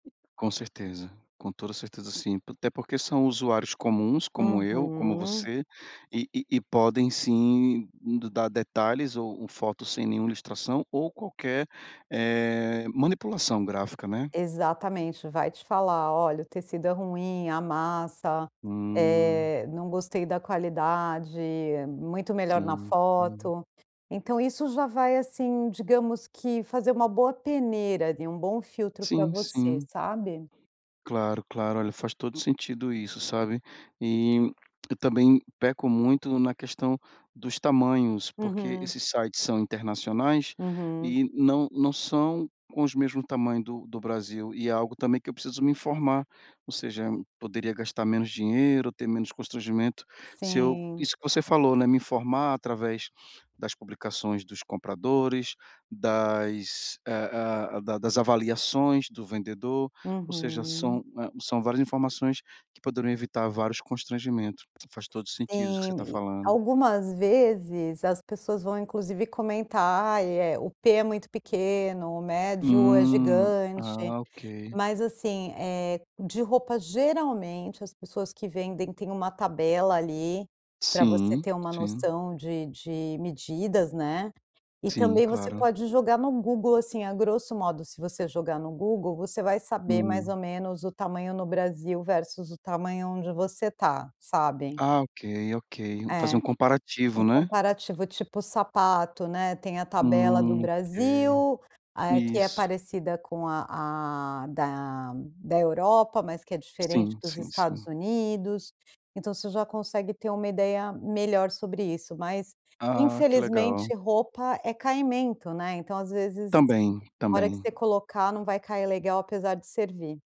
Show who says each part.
Speaker 1: Com certeza. Com toda certeza sim, até porque são usuários comuns, como eu, como
Speaker 2: Uhum.
Speaker 1: você, e e e podem, sim, d dar detalhes ou fotos sem nenhum ilustração, ou qualquer, eh, manipulação gráfica, né.
Speaker 2: Exatamente, vai te falar: "Olha, o tecido é ruim, amassa.
Speaker 1: Hum.
Speaker 2: Eh, não gostei da qualidade, muito melhor na
Speaker 1: Sim, sim.
Speaker 2: foto". Então isso já vai, assim, digamos que fazer uma boa peneira e um bom filtro pra
Speaker 1: Sim,
Speaker 2: você,
Speaker 1: sim.
Speaker 2: sabe.
Speaker 1: Claro, claro. Olha, faz todo sentido isso, sabe. E eu também peco muito na questão dos tamanhos, porque
Speaker 2: Uhum.
Speaker 1: esses sites são internacionais
Speaker 2: Uhum.
Speaker 1: e não não são com os mesmo tamanho do do Brasil, e é algo também que eu preciso me informar. Ou seja, poderia gastar menos dinheiro, ter menos constrangimento se eu
Speaker 2: Sim.
Speaker 1: isso que você falou, né, me informar através das publicações dos compradores, das, ah ah, da das avaliações do vendedor, ou seja,
Speaker 2: Uhum.
Speaker 1: são, hã, são várias informações que poderiam evitar vários constrangimentos. Faz todo o sentido isso que você
Speaker 2: Sim,
Speaker 1: está
Speaker 2: e
Speaker 1: falando.
Speaker 2: algumas vezes, as pessoas vão inclusive comentar, e é, "o P é muito pequeno, o médio é
Speaker 1: Hum.
Speaker 2: gigante".
Speaker 1: Ah, ok.
Speaker 2: Mas, assim, eh, de roupa, geralmente, as pessoas que vendem, têm uma tabela, ali, pra você
Speaker 1: Sim,
Speaker 2: ter uma
Speaker 1: sim.
Speaker 2: noção de de medidas, né, e
Speaker 1: Sim,
Speaker 2: também você
Speaker 1: claro.
Speaker 2: pode jogar no Google, assim, a grosso modo, se você jogar no Google, você vai saber, mais
Speaker 1: Hum.
Speaker 2: ou menos, o tamanho no Brasil versus o tamanho onde você está, sabe.
Speaker 1: Ah, ok, ok. Fazer
Speaker 2: É.
Speaker 1: um comparativo,
Speaker 2: Um
Speaker 1: né.
Speaker 2: comparativo, tipo sapato, né, tem a tabela do
Speaker 1: Hum, ok.
Speaker 2: Brasil, ah, eh, que é
Speaker 1: Isso.
Speaker 2: parecida com a a da da Europa, mas que é diferente
Speaker 1: Sim,
Speaker 2: dos
Speaker 1: sim,
Speaker 2: Estados
Speaker 1: sim.
Speaker 2: Unidos, então você já consegue ter uma ideia melhor sobre isso, mas,
Speaker 1: Ah, que legal.
Speaker 2: infelizmente, roupa é caimento, né, então às vezes,
Speaker 1: Também,
Speaker 2: hora que
Speaker 1: também.
Speaker 2: você colocar não vai cair legal, apesar de servir.